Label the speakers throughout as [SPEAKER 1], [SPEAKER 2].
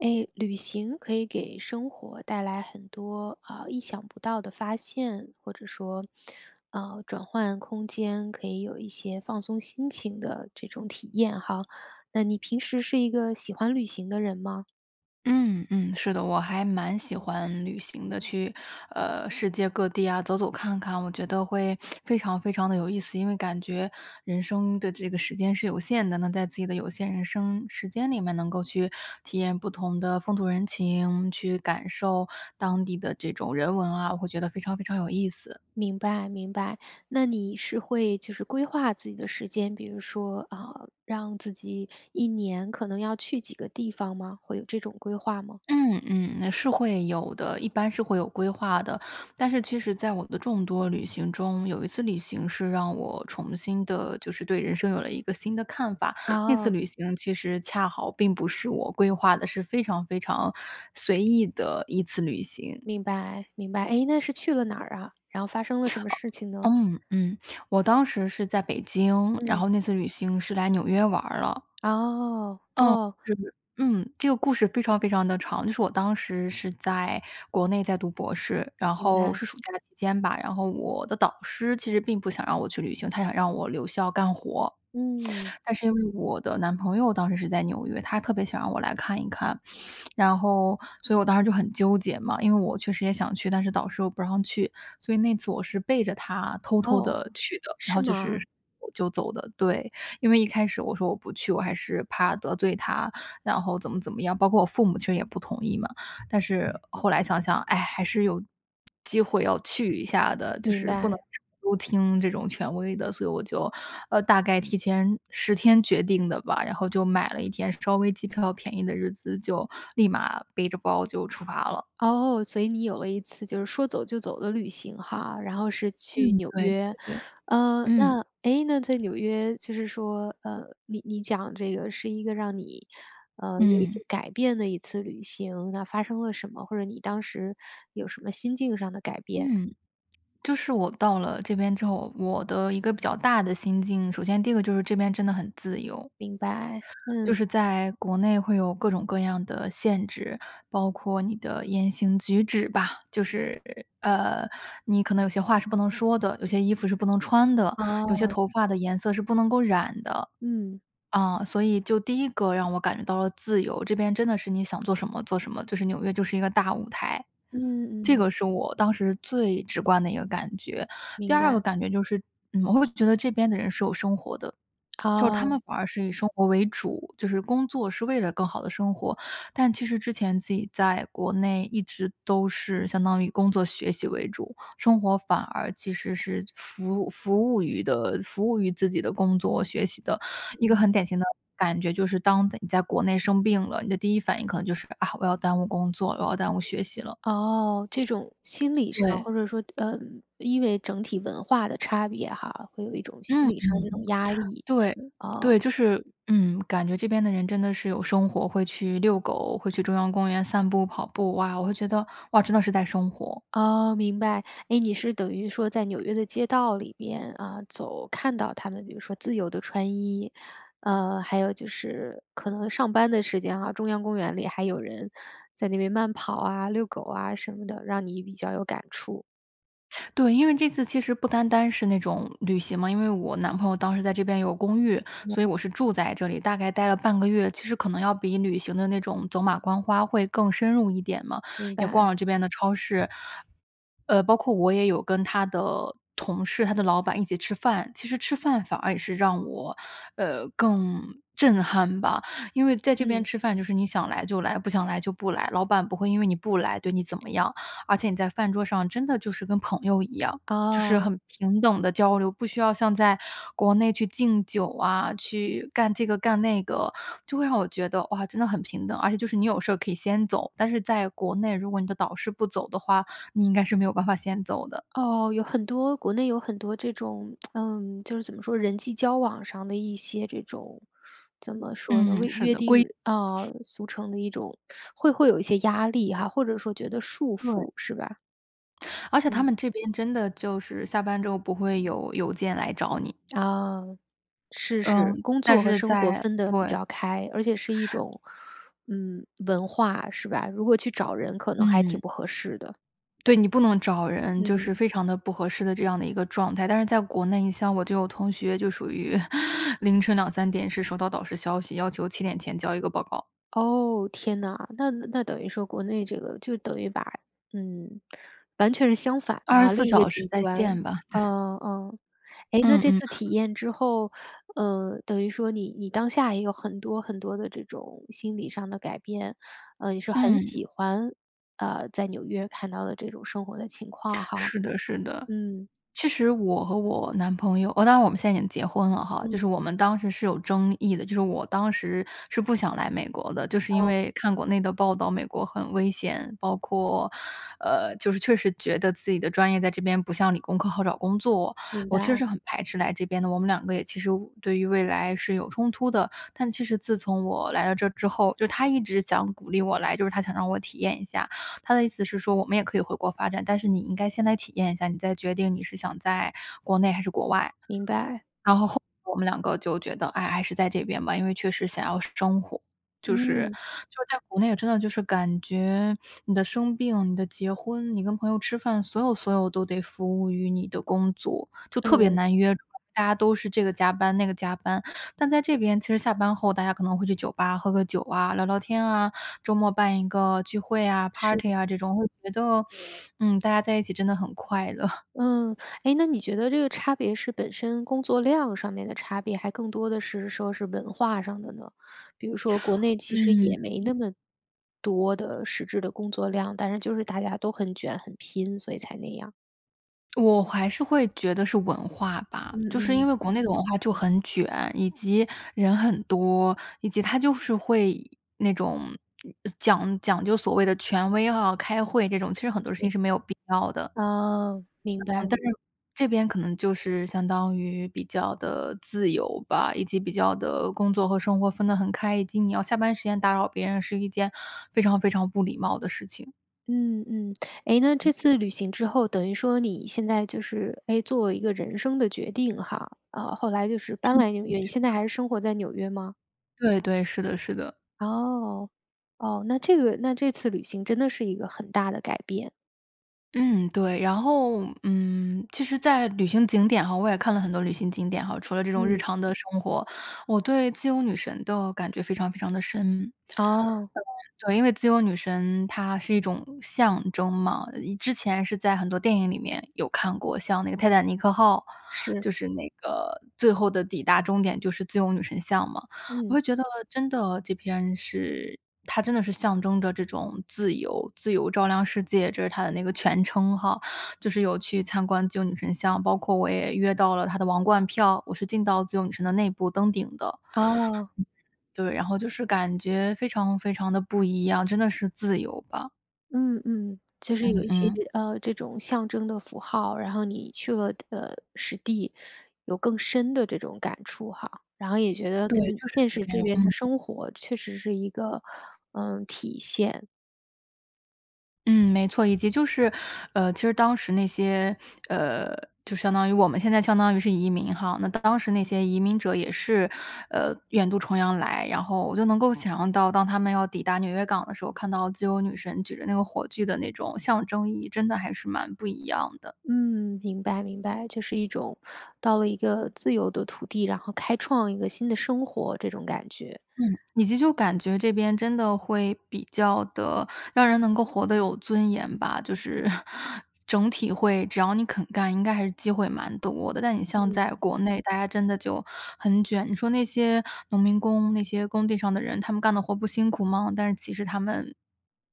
[SPEAKER 1] 诶，旅行可以给生活带来很多，呃，意想不到的发现，或者说，呃转换空间，可以有一些放松心情的这种体验哈。那你平时是一个喜欢旅行的人吗？
[SPEAKER 2] 嗯嗯，是的。我还蛮喜欢旅行的，去，呃，世界各地啊，走走看看，我觉得会 非常非常地有意思。因为感觉人生的这个时间是有限的。那在自己的有限人生时间里面，能够去体验不同的风土人情，去感受当地的这种人文啊，我会觉得非常非常有意思。
[SPEAKER 1] 明白明白，那你是会就是规划自己的时间，比如说，呃，让自己1年可能要去几个地方吗？会有这种规划吗？
[SPEAKER 2] 嗯嗯，那是会有的，一般是会有规划的。但是其实在我的众多旅行中，有一次旅行是让我重新地就是对人生有了一个新的看法。那次
[SPEAKER 1] 哦。
[SPEAKER 2] 旅行其实恰好并不是我规划的，是非常非常随意的一次旅行。
[SPEAKER 1] 明白明白。诶，那是去了哪儿啊？然后发生了
[SPEAKER 2] 啊
[SPEAKER 1] 什么事情呢？
[SPEAKER 2] 嗯嗯，我当时是在北京，然
[SPEAKER 1] 嗯。
[SPEAKER 2] 后那次旅行是来纽约玩儿了。
[SPEAKER 1] 哦，
[SPEAKER 2] 嗯，
[SPEAKER 1] 哦。
[SPEAKER 2] 这个嗯这个故事非常非常地长。就是我当时是在国内在读博士，然
[SPEAKER 1] 明
[SPEAKER 2] 后
[SPEAKER 1] 白。
[SPEAKER 2] 是暑假期间吧，然后我的导师其实并不想让我去旅行，他想让我留校干活。
[SPEAKER 1] 嗯。
[SPEAKER 2] 但是因为我的男朋友当时是在纽约，他特别想让我来看一看。然后所以我当时就很纠结嘛，因为我确实也想去，但是导师又不让去。所以那次我是背着他偷偷
[SPEAKER 1] 哦，
[SPEAKER 2] 地去的，然
[SPEAKER 1] 是
[SPEAKER 2] 后就是
[SPEAKER 1] 吗？
[SPEAKER 2] 就走的对，因为一开始我说我不去，我还是怕得罪他，然后怎么怎么样。包括我父母其实也不同意嘛，但是后来想想，哎，还是有机会要去一下的，就
[SPEAKER 1] 明
[SPEAKER 2] 是不能
[SPEAKER 1] 白。
[SPEAKER 2] 都听这种权威的。所以我就呃，大概提前10天决定的吧，然后就买了一天稍微机票便宜的日子，就立马背着包就出发了。
[SPEAKER 1] 哦，所以你有了一次就是说走就走的旅行哈，然后是去
[SPEAKER 2] 嗯，
[SPEAKER 1] 纽
[SPEAKER 2] 对
[SPEAKER 1] 约。
[SPEAKER 2] 对对，
[SPEAKER 1] 呃，
[SPEAKER 2] 嗯。
[SPEAKER 1] 那，诶那在纽约就是说，呃，你你讲这个是一个让你，呃，有一
[SPEAKER 2] 嗯。
[SPEAKER 1] 些改变的一次旅行，那发生了什么？或者你当时，有什么心境上的改变？
[SPEAKER 2] 嗯，就是我到了这边之后，我的一个比较大的心境，首先第一个就是这边真的很自由。
[SPEAKER 1] 明白，
[SPEAKER 2] 就
[SPEAKER 1] 嗯。
[SPEAKER 2] 是在国内会有各种各样的限制，包括你的言行举止吧。就是，呃，你可能有些话是不能说的，有些衣服是不能穿的，有些
[SPEAKER 1] 哦。
[SPEAKER 2] 头发的颜色是不能够染的。
[SPEAKER 1] 嗯。
[SPEAKER 2] 啊，所以就第1个让我感觉到了自由，这边真的是你想做什么做什么，就是纽约就是一个大舞台，
[SPEAKER 1] 嗯
[SPEAKER 2] 这
[SPEAKER 1] 嗯。
[SPEAKER 2] 个是我当时最直观的一个感觉。第
[SPEAKER 1] 明
[SPEAKER 2] 2个
[SPEAKER 1] 白。
[SPEAKER 2] 感觉就是，呃，我会觉得这边的人是有生活的。就是他
[SPEAKER 1] 哦。
[SPEAKER 2] 们反而是以生活为主，就是工作是为了更好地生活。但其实之前自己在国内一直都是相当于工作学习为主，生活反而其实是服服务于的服务于自己的工作学习的。一个
[SPEAKER 1] 嗯。
[SPEAKER 2] 很典型的感觉就是：当你在国内生病了，你的第1反应可能就是：啊，我要耽误工作了，我要耽误学习了。
[SPEAKER 1] 哦，这种心理上
[SPEAKER 2] 对。
[SPEAKER 1] 或者说，呃，因为整体文化的差别哈，会有一种心
[SPEAKER 2] 嗯
[SPEAKER 1] 理上的这
[SPEAKER 2] 嗯，
[SPEAKER 1] 种压力，
[SPEAKER 2] 对对。
[SPEAKER 1] 哦。
[SPEAKER 2] 就是，嗯，感觉这边的人真的是有生活，会去遛狗，会去中央公园散步、跑步。哇，我会觉得：“哇，真的是在生活。”
[SPEAKER 1] 哦，明白。诶，你是等于说在纽约的街道里边，啊走，看到他们比如说自由地穿衣，呃还有就是可能上班的时间啊，中央公园里还有人在那边慢跑啊、遛狗啊什么的，让你比较有感触。
[SPEAKER 2] 对，因为这次其实不单单是那种旅行嘛，因为我男朋友当时在这边有公寓，所以我是住在这里，大概待了半个月。其实可能要比旅行的那种走马观花会更深入一点嘛，
[SPEAKER 1] 明
[SPEAKER 2] 也逛
[SPEAKER 1] 白。
[SPEAKER 2] 了这边的超市呃，包括我也有跟他的同事、他的老板一起吃饭。其实吃饭反而也是让我，呃，更震撼吧。因为在这边
[SPEAKER 1] 嗯。
[SPEAKER 2] 吃饭就是你想来就来，不想来就不来，老板不会因为你不来对你怎么样。而且你在饭桌上真的就是，跟朋友一样，就是
[SPEAKER 1] 哦。
[SPEAKER 2] 很平等地交流，不需要像在国内去敬酒啊，去干这个干那个，就会让我觉得，哇，真的很平等。而且就是你有事儿可以先走，但是在国内，如果你的导师不走的话，你应该是没有办法先走的。
[SPEAKER 1] 哦，有很多，国内有很多这种，嗯，就是怎么说，人际交往上的一些这种，怎么说
[SPEAKER 2] 嗯，
[SPEAKER 1] 呢，为
[SPEAKER 2] 是
[SPEAKER 1] 约
[SPEAKER 2] 的，
[SPEAKER 1] 定，
[SPEAKER 2] 规
[SPEAKER 1] 呃，俗成的一种 会会有一些压力哈，或者说觉得束
[SPEAKER 2] 对。
[SPEAKER 1] 缚是吧？
[SPEAKER 2] 而且他
[SPEAKER 1] 嗯。
[SPEAKER 2] 们这边真的就是下班之后不会有邮件来找你。
[SPEAKER 1] 啊，是
[SPEAKER 2] 嗯，
[SPEAKER 1] 是。工
[SPEAKER 2] 但
[SPEAKER 1] 作和
[SPEAKER 2] 是
[SPEAKER 1] 生活
[SPEAKER 2] 在
[SPEAKER 1] 分得比
[SPEAKER 2] 对。
[SPEAKER 1] 较开，而且是一种，嗯，文化，是吧？如果去找人可能还挺
[SPEAKER 2] 嗯。
[SPEAKER 1] 不合适的。
[SPEAKER 2] 对，你不能找人，就是
[SPEAKER 1] 嗯。
[SPEAKER 2] 非常的不合适的这样的一个状态。但是在国内，你像我就有同学就属于 凌晨23点是收到导师消息，要求7点前交一个报告。
[SPEAKER 1] 哦，天哪。那那等于说国内这个就等于把嗯，完全是相反的
[SPEAKER 2] 二
[SPEAKER 1] 哈，
[SPEAKER 2] 十四
[SPEAKER 1] 另一个
[SPEAKER 2] 小时
[SPEAKER 1] 极
[SPEAKER 2] 在
[SPEAKER 1] 端
[SPEAKER 2] 线吧，对。
[SPEAKER 1] 嗯，嗯。诶，那
[SPEAKER 2] 嗯
[SPEAKER 1] 这
[SPEAKER 2] 嗯。
[SPEAKER 1] 次体验之后，呃，等于说你你当下也有很多很多的这种心理上的改变，呃，你说很
[SPEAKER 2] 嗯。
[SPEAKER 1] 喜欢，呃，在纽约看到的这种生活的情况哈，
[SPEAKER 2] 是的，是的。
[SPEAKER 1] 嗯。
[SPEAKER 2] 其实我和我男朋友哇，当然我们现在已经结婚了哈。就是
[SPEAKER 1] 嗯。
[SPEAKER 2] 我们当时是有争议的，就是我当时是不想来美国的，就是因
[SPEAKER 1] 哦。
[SPEAKER 2] 为看国内的报道，美国很危险，包括呃，就是确实觉得自己的专业在这边不像理工科好找工作，
[SPEAKER 1] 明
[SPEAKER 2] 我其实
[SPEAKER 1] 白。
[SPEAKER 2] 是很排斥来这边的，我们两个也其实未对于未来是有冲突的。但其实自从我来到这儿之后就他一直想鼓励我来，就是他想让我体验一下。他的意思是说我们也可以回国发展，但是你应该先来体验一下，你再决定你是想在国内还是国外。
[SPEAKER 1] 明白。
[SPEAKER 2] 然后后来我们两个就觉得：“唉，还是在这边吧。”因为确实想要生活就是
[SPEAKER 1] 嗯。
[SPEAKER 2] 就是在国内真的就是感觉你的生病、你的结婚、你跟朋友吃饭，所有所有都得服务于你的工作，就特别
[SPEAKER 1] 嗯。
[SPEAKER 2] 难约。主要大家都是这个加班，那个加班，但在这边其实下班后大家可能会去酒吧喝个酒啊、聊聊天啊，周末办一个聚会啊，party
[SPEAKER 1] 是。
[SPEAKER 2] 啊，这种会觉得 嗯，大家在一起真的很快乐。
[SPEAKER 1] 嗯，诶，那你觉得这个差别是本身工作量上面的差别还更多的是说是文化上的呢？比如说国内其实
[SPEAKER 2] 嗯。
[SPEAKER 1] 也没
[SPEAKER 2] 嗯。
[SPEAKER 1] 那么，多的实质的工作量，但是就是大家都很卷、很拼，所以才那样？
[SPEAKER 2] 我还是会觉得是文化吧，
[SPEAKER 1] 嗯
[SPEAKER 2] 就是因
[SPEAKER 1] 嗯。
[SPEAKER 2] 为国内的文化就很卷，以及人很多，以及它就是会那种讲讲究所谓的权威啊，开会这种，其实很多事情是没有必要的。
[SPEAKER 1] 哦，明
[SPEAKER 2] 嗯，但
[SPEAKER 1] 白。
[SPEAKER 2] 是这边可能就是相当于比较地自由吧，以及比较得工作和生活分得很开，以及你要下班时间打扰别人是一件非常非常不礼貌的事情。
[SPEAKER 1] 嗯，嗯。诶，那这次旅行之后，等于说你现在就是，诶，做一个人生的决定哈。啊，后来就是搬来纽约，你现在
[SPEAKER 2] [unintelligible]
[SPEAKER 1] 还是生活在纽约吗？
[SPEAKER 2] 对对，是的是的。
[SPEAKER 1] 哦，哦，那这个那这次旅行真的是一个很大的改变。
[SPEAKER 2] 嗯，对，然后嗯，其实在旅行景点哈，我也看了很多旅行景点哈，除了这种日
[SPEAKER 1] 嗯。
[SPEAKER 2] 常的生活，我对自由女神的感觉非常非常地深。
[SPEAKER 1] 哦。
[SPEAKER 2] 对，因为自由女神它是一种象征嘛，一之前是在很多电影里面有看过，像那个《泰坦尼克号》，
[SPEAKER 1] 是。
[SPEAKER 2] 就是那个最后的抵达终点就是自由女神像嘛。我
[SPEAKER 1] 嗯。
[SPEAKER 2] 会觉得真的这篇是它真的是象征着这种自由自由照亮世界，这是它的那个全称哈。就是有去参观自由女神像，包括我也约到了它的王冠票，我是进到自由女神的内部登顶的。
[SPEAKER 1] 哦。
[SPEAKER 2] 对，然后就是感觉非常非常地不一样，真的是自由吧。
[SPEAKER 1] 嗯嗯，就是有
[SPEAKER 2] 嗯
[SPEAKER 1] 一些
[SPEAKER 2] 嗯。
[SPEAKER 1] 这，呃，这种象征的符号，然后你去了，呃，实地，有更深的这种感触哈，然后也觉得
[SPEAKER 2] 对，
[SPEAKER 1] 跟
[SPEAKER 2] 就是
[SPEAKER 1] 现
[SPEAKER 2] 会
[SPEAKER 1] 实
[SPEAKER 2] 这
[SPEAKER 1] 这
[SPEAKER 2] 样，嗯。
[SPEAKER 1] 边的生活确实是一个，呃，体现。
[SPEAKER 2] 嗯，没错。以及就是，呃，其实当时那些，呃，就相当于我们现在相当于是移民哈，那当时那些移民者也是，呃，远渡重洋来，然后我就能够想象到当他们要抵达纽约港的时候，看到自由女神举着那个火炬的那种象征意义，真的还是蛮不一样的。
[SPEAKER 1] 嗯，明白明白。就是一种到了一个自由的土地，然后开创一个新的生活，这种感觉。
[SPEAKER 2] 嗯，你就就感觉这边真的会比较地让人能够活得有尊严吧，就是 整体会只要你肯干，应该还是机会蛮多的。但你像
[SPEAKER 1] 嗯。
[SPEAKER 2] 在国内大家真的就很卷，你说那些农民工，那些工地上的人，他们干的活不辛苦吗？但是其实他们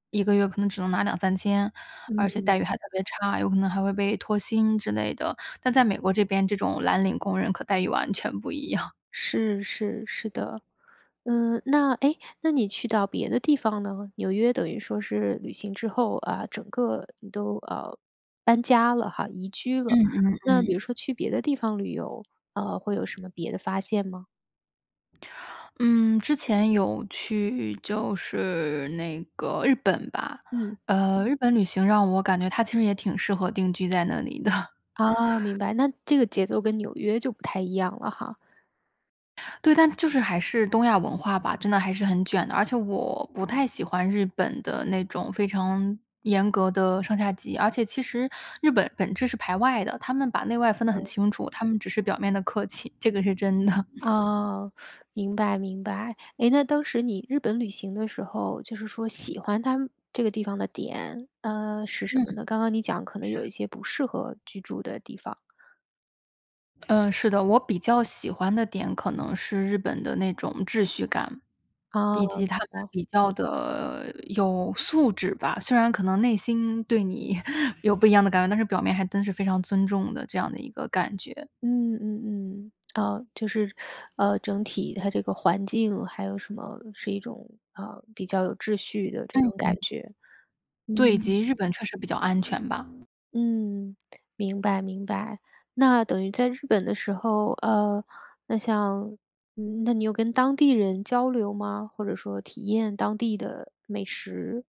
[SPEAKER 2] 1个月可能只能拿2-3千，而且
[SPEAKER 1] 嗯。
[SPEAKER 2] 待遇还特别差，有可能还会被拖薪之类的。但在美国这边，这种蓝领工人可待遇完全不一样。
[SPEAKER 1] 是，是，是的。嗯，那，哎，那你去到别的地方呢？纽约等于说是旅行之后，啊，整个你都，呃，搬家了哈，移居
[SPEAKER 2] 嗯
[SPEAKER 1] 了。
[SPEAKER 2] 嗯
[SPEAKER 1] 那比如
[SPEAKER 2] 嗯。
[SPEAKER 1] 说去别的地方旅游，呃，会有什么别的发现吗？
[SPEAKER 2] 嗯，之前有去就是，那个，日本吧，
[SPEAKER 1] 嗯。
[SPEAKER 2] 呃，日本旅行让我感觉它其实也挺适合定居在那里的。
[SPEAKER 1] 哦，明白，那这个节奏跟纽约就不太一样了哈。
[SPEAKER 2] 对，但它就是还是东亚文化吧，真的还是很卷的，而且我不太喜欢日本的那种非常严格的上下级。而且其实日本本质是排外的，他们把内外分得很
[SPEAKER 1] 嗯。
[SPEAKER 2] 清楚，他们只是表面的客气，这个是真的。
[SPEAKER 1] 哦，明白，明白。诶，那当时你日本旅行的时候，就是说喜欢他们这个地方的点，呃，是什么
[SPEAKER 2] 嗯。
[SPEAKER 1] 呢？刚刚你讲可能有一些不适合居住的地方。
[SPEAKER 2] 呃，是的，我比较喜欢的点可能是日本的那种秩序感，
[SPEAKER 1] 哦，
[SPEAKER 2] 以及
[SPEAKER 1] 明
[SPEAKER 2] 他们
[SPEAKER 1] 白。
[SPEAKER 2] 比较的，有素质吧。虽然可能内心对你 有不一样的感官，但是表面还真是非常尊重的，这样的一个感觉。
[SPEAKER 1] 嗯嗯嗯，啊，就是，呃，整体它这个环境还有什么是一种，呃，比较有秩序的这
[SPEAKER 2] 嗯
[SPEAKER 1] 种
[SPEAKER 2] 哼。
[SPEAKER 1] 感觉。
[SPEAKER 2] 对，以
[SPEAKER 1] 嗯。
[SPEAKER 2] 及日本确实比较安全吧。
[SPEAKER 1] 嗯，明白明白。那等于在日本的时候，呃，那像，那你有跟当地人交流吗？或者说体验当地的美食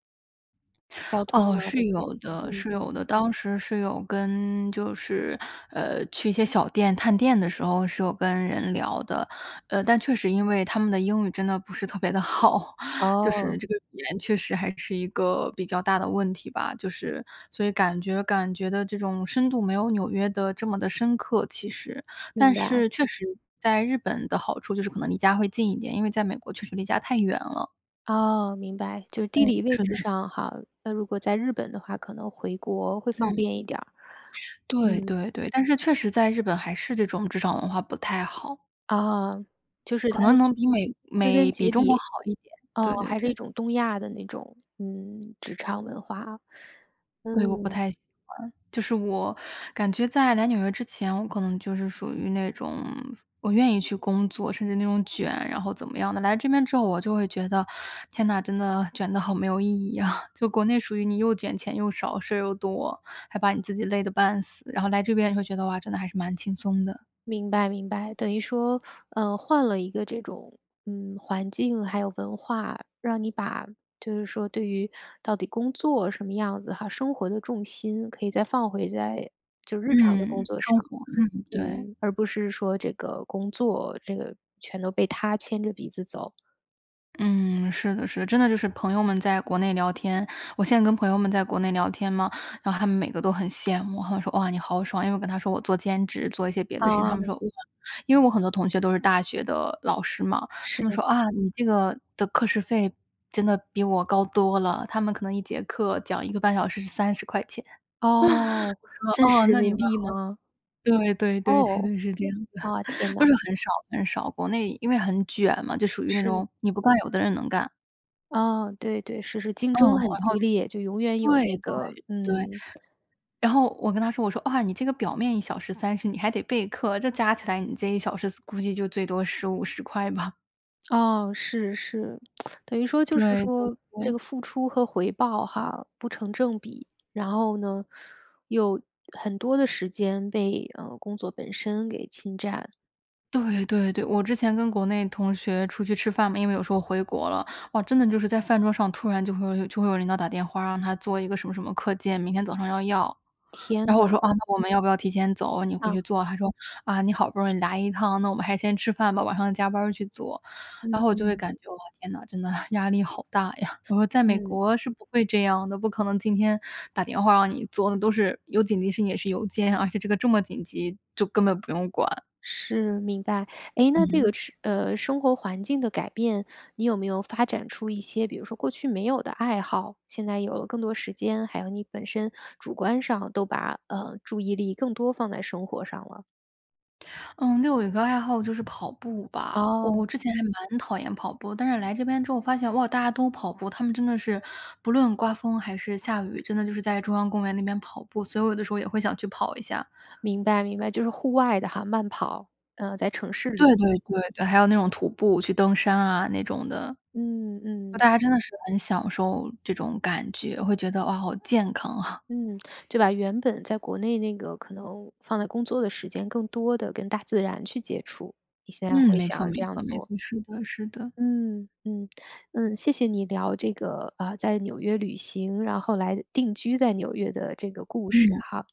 [SPEAKER 1] ······交通
[SPEAKER 2] 哦，
[SPEAKER 1] 啊这
[SPEAKER 2] 是
[SPEAKER 1] 些，
[SPEAKER 2] 有的
[SPEAKER 1] 嗯。
[SPEAKER 2] 是有的。当时是有跟就是，呃，去一些小店探店的时候，是有跟人聊的。呃，但确实因为他们的英语，真的不是特别地好，就
[SPEAKER 1] 哦。
[SPEAKER 2] 是这个语言确实还是一个比较大的问题吧，就是所以感觉感觉的这种深度，没有纽约的这么地深刻，其实。
[SPEAKER 1] 明
[SPEAKER 2] 但
[SPEAKER 1] 白。
[SPEAKER 2] 是确实在日本的好处就是可能离家会近一点，因为在美国确实离家太远了。
[SPEAKER 1] 哦，明白。就
[SPEAKER 2] 嗯，
[SPEAKER 1] 地理位
[SPEAKER 2] 是的
[SPEAKER 1] 置
[SPEAKER 2] 是
[SPEAKER 1] 上
[SPEAKER 2] 的。
[SPEAKER 1] 哈，那如果在日本的话，可能回国会方
[SPEAKER 2] 嗯。
[SPEAKER 1] 便一点儿。
[SPEAKER 2] 嗯。对
[SPEAKER 1] 嗯。
[SPEAKER 2] 对对，但是确实在日本还是这种职场文化不太好。
[SPEAKER 1] 啊，就是它
[SPEAKER 2] 可能能比美
[SPEAKER 1] 归根
[SPEAKER 2] 美比
[SPEAKER 1] 结
[SPEAKER 2] 中国
[SPEAKER 1] 底，
[SPEAKER 2] 好一点，
[SPEAKER 1] 噢，
[SPEAKER 2] 对对
[SPEAKER 1] 还是一
[SPEAKER 2] 对。
[SPEAKER 1] 种东亚的那种，嗯，职场文化。
[SPEAKER 2] 对，我不
[SPEAKER 1] 嗯。
[SPEAKER 2] 太喜欢。就是我感觉在来纽约之前，我可能就是属于那种，我愿意去工作，甚至那种卷，然后怎么样的。来这边之后，我就会觉得：“天呐，真的卷得好没有意义啊。”就国内属于你又卷钱又少，事儿又多。还把你自己累得半死，然后来这边会觉得：“哇，真的还是蛮轻松的。”
[SPEAKER 1] 明白明白，等于说，呃，换了一个这种，嗯，环境还有文化，让你把就是说对于到底工作什么样子哈，生活的重心可以再放回在就日常的工
[SPEAKER 2] 嗯，
[SPEAKER 1] 作
[SPEAKER 2] 生
[SPEAKER 1] 上。
[SPEAKER 2] 活，嗯，对。
[SPEAKER 1] 嗯，而不是说这个工作这个全都被它牵着鼻子走。
[SPEAKER 2] 嗯，是的，是的。真的就是朋友们在国内聊天我现在跟朋友们在国内聊天嘛，然后他们每个都很羡慕，他们说：“哇，你好爽。”因为我跟他说我做兼职，做一些别的事情，他们
[SPEAKER 1] 哦
[SPEAKER 2] 说：“哇。”因为我很多同学都是大学的老师嘛，他
[SPEAKER 1] 是。
[SPEAKER 2] 们说：“啊，你这个的课时费真的比我高多了。”他们可能1节课讲1个半小时是¥30钱。
[SPEAKER 1] 哦，三
[SPEAKER 2] 我说：
[SPEAKER 1] 十
[SPEAKER 2] “哦，
[SPEAKER 1] 人
[SPEAKER 2] 那你
[SPEAKER 1] 民
[SPEAKER 2] 们
[SPEAKER 1] 币
[SPEAKER 2] 好”
[SPEAKER 1] 吗？
[SPEAKER 2] 对，对对对
[SPEAKER 1] 哦，
[SPEAKER 2] 对，是这样子
[SPEAKER 1] 啊，
[SPEAKER 2] 的，
[SPEAKER 1] 天
[SPEAKER 2] 都是
[SPEAKER 1] 哪。
[SPEAKER 2] 很少很少，国内因为很卷嘛，就属于那
[SPEAKER 1] 是。
[SPEAKER 2] 种你不干，有的人能干。
[SPEAKER 1] 哦，对对，是是，竞
[SPEAKER 2] 嗯，
[SPEAKER 1] 争很
[SPEAKER 2] 然后
[SPEAKER 1] 激烈，就永远有
[SPEAKER 2] 对，
[SPEAKER 1] 那个
[SPEAKER 2] 对，对。
[SPEAKER 1] 嗯。
[SPEAKER 2] 然后，我跟他说我说：“哇，你这个表面1小时30你还得备课，这加起来你这1小时所估计就最多15、¥10吧。
[SPEAKER 1] 哦，是，是，等于说就是
[SPEAKER 2] 对，对，
[SPEAKER 1] 说这
[SPEAKER 2] 对。
[SPEAKER 1] 个付出和回报哈，不成正比。然后呢，又很多的时间被，嗯，工作本身给侵占。
[SPEAKER 2] 对，对，对，我之前跟国内同学出去吃饭嘛。因为我有时候回国了，哇，真的就是在饭桌上突然就会就会有领导打电话，让他做一个什么什么课件，明天早上要要。然
[SPEAKER 1] 天
[SPEAKER 2] 后我说：
[SPEAKER 1] 哪。
[SPEAKER 2] “啊，那我们要不要提前走？你回
[SPEAKER 1] 啊。
[SPEAKER 2] 去做。”他说：“啊，你好不容易来一趟，那我们还是先吃饭吧，晚上加班儿去做。”然后我就会
[SPEAKER 1] 嗯。
[SPEAKER 2] 感觉：“哇，天哪，真的，压力好大呀。”我说：“在美
[SPEAKER 1] 嗯。
[SPEAKER 2] 国是不会这样的，不可能今天打电话让你做的，都是有紧急事情也是邮件，而且这个这么紧急就根本不用管。”
[SPEAKER 1] 是，明白。诶，那这个
[SPEAKER 2] 嗯。
[SPEAKER 1] 是呃，生活环境的改变，你有没有发展出一些比如说过去没有的爱好？现在有了更多时间，还有你本身主观上都把，呃，注意力更多放在生活上了。
[SPEAKER 2] 嗯，另外我有一个爱好就是跑步吧，我
[SPEAKER 1] 哦。
[SPEAKER 2] 我之前还蛮讨厌跑步，但是来这边之后发现，哇，大家都跑步，他们真的是不论刮风还是下雨，真的就是在中央公园那边跑步，所以我有的时候也会想去跑一下。
[SPEAKER 1] 明白，明白，就是户外的哈，慢跑，呃，在城市
[SPEAKER 2] 对
[SPEAKER 1] 里。
[SPEAKER 2] 对对对，还有那种徒步去登山啊那种的，
[SPEAKER 1] 嗯，嗯。
[SPEAKER 2] 大家真的是很享受这种感觉，会觉得：“哇，好健康啊。”
[SPEAKER 1] 嗯，就把原本在国内那个可能放在工作的时间更多的跟大自然去接触，你现在
[SPEAKER 2] 嗯，
[SPEAKER 1] 会
[SPEAKER 2] 没
[SPEAKER 1] 想
[SPEAKER 2] 错
[SPEAKER 1] 要这
[SPEAKER 2] 没
[SPEAKER 1] 样
[SPEAKER 2] 错没
[SPEAKER 1] 做。
[SPEAKER 2] 错，是的是的。
[SPEAKER 1] 嗯，嗯，嗯，谢谢你聊这个，呃，在纽约旅行，然后来定居在纽约的这个故事
[SPEAKER 2] 嗯。
[SPEAKER 1] 哈。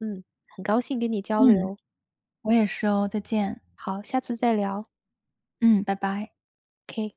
[SPEAKER 1] 嗯，很高兴跟你交
[SPEAKER 2] 嗯，
[SPEAKER 1] 流。
[SPEAKER 2] 我也是哦，再见。
[SPEAKER 1] 好，下次再聊。
[SPEAKER 2] 嗯，拜拜。
[SPEAKER 1] K。